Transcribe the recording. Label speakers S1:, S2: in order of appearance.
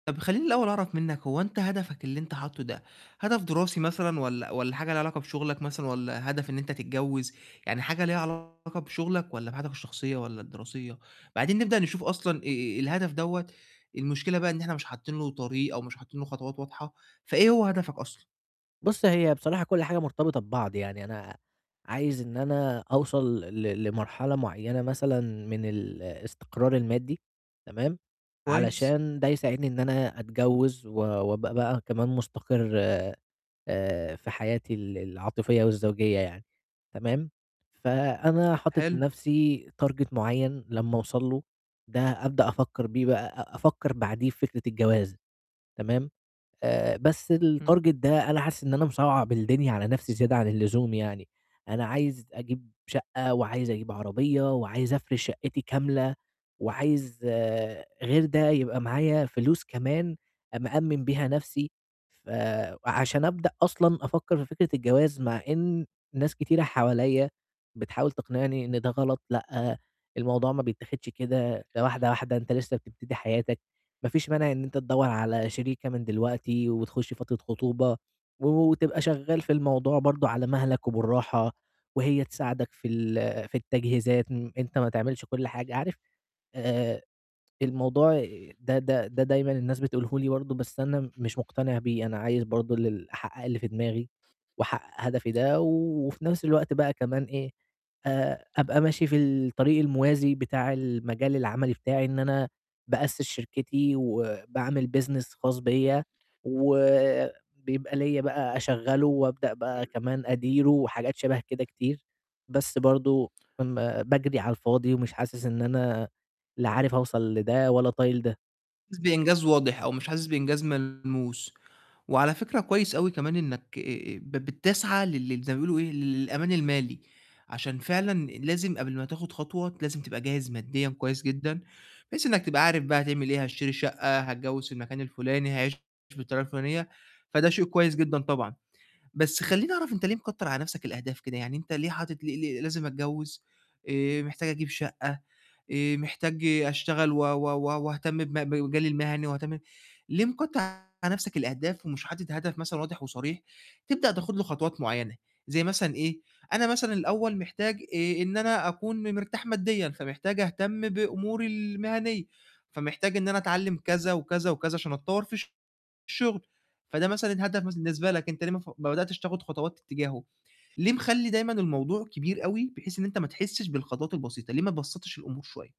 S1: طَب خلّيني الأول أعرف منّك هو أنت هدفك اللي أنت حاطّه ده هدف دراسي مثلًا والّا والّا حاجة ليها علاقة بشُغلك مثلًا والّا هدف إن أنت تتجوِّز؟ يعني حاجة ليها علاقة بشُغلك والّا بحياتك الشخصية والّا الدراسية؟ بعدين نبدأ نشوف أصلًا آآ الهدف دوّة، المشكلة بقى إن إحنا مش حاطّين له طريق أو مش حاطّين له خطوات واضحة، فإيه هو هدفك أصلًا؟
S2: بُص، هي بصراحة كل حاجة مرتبطة ببعض، يعني أنا عايز إن أنا أوصل ل لمرحلة معيّنة مثلًا من الاستقرار المادّي تمام،
S1: كويس.
S2: علشان ده يساعدني إن أنا أتجوِّز و وأبقى بقى كمان مستقر آآ في حياتي ال العاطفية والزوجية يعني تمام، فأنا حاطط
S1: حلو.
S2: لنَفْسي target معيّن لمّا أوصل له ده أبدأ أفكّر بيه بقى أ أفكّر بعديه في فكرة الجواز تمام، آآ بس
S1: إمم.
S2: الtarget ده أنا حاسس إن أنا مصعَّب الدنيا على نَفْسي زيادة عن اللزوم يعني، أنا عايز أجيب شَقْة وعايز أجيب عربية وعايز أفرش شَقِّتي كاملة وعايز غير ده يبقى معايا فلوس كمان مأمِّن بيها نَفْسي. فعشان أبدأ أصلًا أفكّر في فكرة الجواز مع إن ناس كتيرة حواليّا بتحاول تقنعني إن ده غلط لأ، الموضوع ما بيتاخدش كده، ده واحدة، واحدة أنت لسّه بتبتدي حياتك، ما فيش مانع إن أنت تدوّر على شريكة من دلوقتي وتخُش فترة خطوبة و وتبقى شغّال في الموضوع برضه على مهلك وبالراحة وهي تساعدك في ال في التجهيزات أن أنت ما تعملش كل حاجة، عارف آآ الموضوع ده ده ده دايمًا الناس بتقوله لي برضه، بس أنا م مش مقتنع بيه، أنا عايز برضه ال أحقّق اللي في دماغي وأحقّق هدفي ده و وفي نَفْس الوقت بقى كمان إيه، آآ أبقى ماشي في الطريق الموازي بتاع المجال العملي بتاعي، إن أنا بأسِّس شركتي وباعمل business خاص بيّا، وبيبقى ليّا بقى أشغّله وأبدأ بقى كمان أديره وحاجات شَبه كده كتير، بس برضه ام باجري على الفاضي ومش حاسس إن أنا لا عارف أوصل لده ولا طايل ده.
S1: حاسس بإنجاز واضح أو مش حاسس بإنجاز ملموس، وعلى فكرة كويس أوي كمان إنّك آآ ب بتسعى لل زي ما بيقولوا إيه، ل للأمان المالي، عشان فعلًا لازم قبل ما تاخُد خطوة لازم تبقى جاهز مادّيًا كويس جدًا، بحيث إنّك تبقى عارف بقى هتعمل إيه، هاشتري الشَقّة، هاتجوِّز في المكان الفُلاني، هاعيش بالطريقة الفُلانية، فده شيء كويس جدًا طبعًا. بس خلّيني أعرف أنت ليه مكتر على نَفْسك الأهداف كده؟ يعني أنت ليه حاطط ليه ليه لازم أتجوِّز، آآ محتاج أجيب شَقّة، آآ محتاج أشتغل و و و وأهتم بم بمجالي المهني وأهتم ليه مكتّر على نَفْسك الأهداف ومش حاطط هدف مثلًا واضح وصريح، تبدأ تاخُد له خطوات معيّنة زي مثلًا إيه، أنا مثلًا الأول محتاج آآ إن أنا أكون م مرتاح مادّيًا، فمحتاج أهتم بأموري المهنية، فمحتاج إن أنا أتعلِّم كذا وكذا وكذا عشان أتطوّر في الشُغل، فده مثلًا هدف بالنسبة لك، أنت ليه ما ف ما بدأتش تاخُد خطوات اتجاهه؟ ليه مخلّي دايمًا الموضوع كبير أوي بحيث إن أنت ما تحسّش بالخطوات البسيطة، ليه ما بسّطش الأمور شوية؟